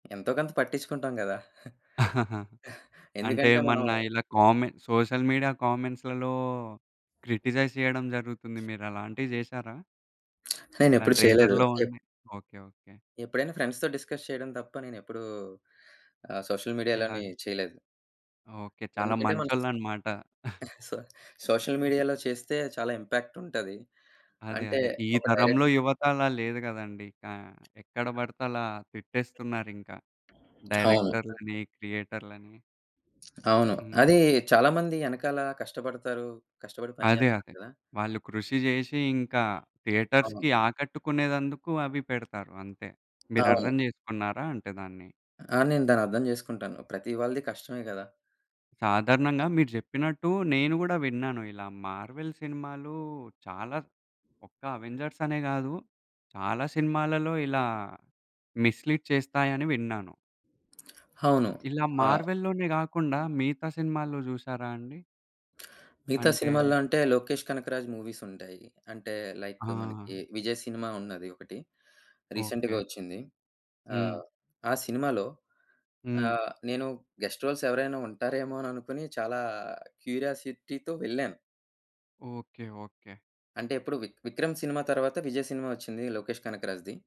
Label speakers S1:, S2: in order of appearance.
S1: ఎంతో కొంత పట్టించుకుంటాం గదా!
S2: అంటే
S1: ఎందుకంటే మనం
S2: ఏమన్న ఇలా కామె సోషల్ మీడియా కామెంట్స్‌లలో క్రిటిసైజ్ చేయడం జరుగుతుంది. మీరలాంటివి జేసారా? ఇలా
S1: నేనెప్పుడు చేయలేదు.
S2: ట్రైలర్‌లో
S1: ఎప్
S2: ఉండె ఓకే. ఓకే.
S1: ఎప్పుడైనా ఫ్రెండ్స్‌తో డిస్కస్ చేయడం తప్ప నేనెప్పుడూ ఆహ్, సోషల్
S2: ఇలా
S1: మీడియాలోని చేయలేదు.
S2: ఓకే. చాలా
S1: ఎందుకంటే మన
S2: మంచోళ్ళనమాట.
S1: సొ సోషల్ మీడియాలో చేస్తే చాలా ఇంపాక్ట్ ఉంటది.
S2: అదే.
S1: అంటే
S2: అదే. ఈ
S1: ఒక డైరె
S2: తరంలో యువత అలా లేదు గదండీ! ఇంకా ఎక్కడ బడితే అలా తిట్టేస్తున్నారింక.
S1: అవును.
S2: డైరెక్టర్‌లని, క్రియేటర్‌లని.
S1: అవును. అది
S2: హుహు.
S1: చాలామంది యెనకాల కష్టపడతారు. కష్టపడి పని
S2: అదే.
S1: జేస్తారు
S2: అదే.
S1: కదా!
S2: వాళ్ళు కృషి జేషి ఇంకా
S1: అవును.
S2: థియేటర్స్‌కి ఆకట్టుకునేదందుకు అవి పెడతారు అంతే.
S1: అవును.
S2: మీరర్థం జేసుకున్నారా అంటే దాన్ని?
S1: ఆ! నేను దాన్నర్థం జేసుకుంటాను. ప్రతి వాళ్ళది కష్టమే గదా!
S2: సాధారణంగా మీరు జెప్పినట్టు నేను గూడా విన్నాను. ఇలా మార్వెల్ సినిమాలు చాలా ఒక్క అవెంజర్స్ అనే గాదు చాలా సినిమాలలో ఇలా మిస్‌లీడ్ చేస్తాయని విన్నాను.
S1: అవును.
S2: ఇలా
S1: ఆ!
S2: మార్వెల్‌లోనే గాకుండా మిగతా సినిమాల్లో జూసారా అండి?
S1: మిగతా
S2: అంటే
S1: సినిమాల్లో అంటే లోకేష్ కనకరాజు మూవీస్ ఉంటాయి. అంటే లైక్ మనకి
S2: ఆ!
S1: విజయ్ సినిమా ఉన్నది ఒకటి. రీసెంట్‌గా
S2: ఓకే.
S1: వచ్చింది.
S2: హ్మ్.
S1: ఆహ్, ఆ సినిమాలో
S2: హ్మ్.
S1: ఆహ్, నేను గెస్ట్ రోల్స్ ఎవరైనా ఉంటారేమో అననుకోని చాలా క్యూరియాసిటీతో వెళ్ళాను.
S2: ఓకే. ఓకే.
S1: అంటే ఎప్పుడు విక్ విక్రమ్ సినిమా తర్వాత విజయ్ సినిమా ఒచ్చింది. లోకేష్ కనకరాజుది.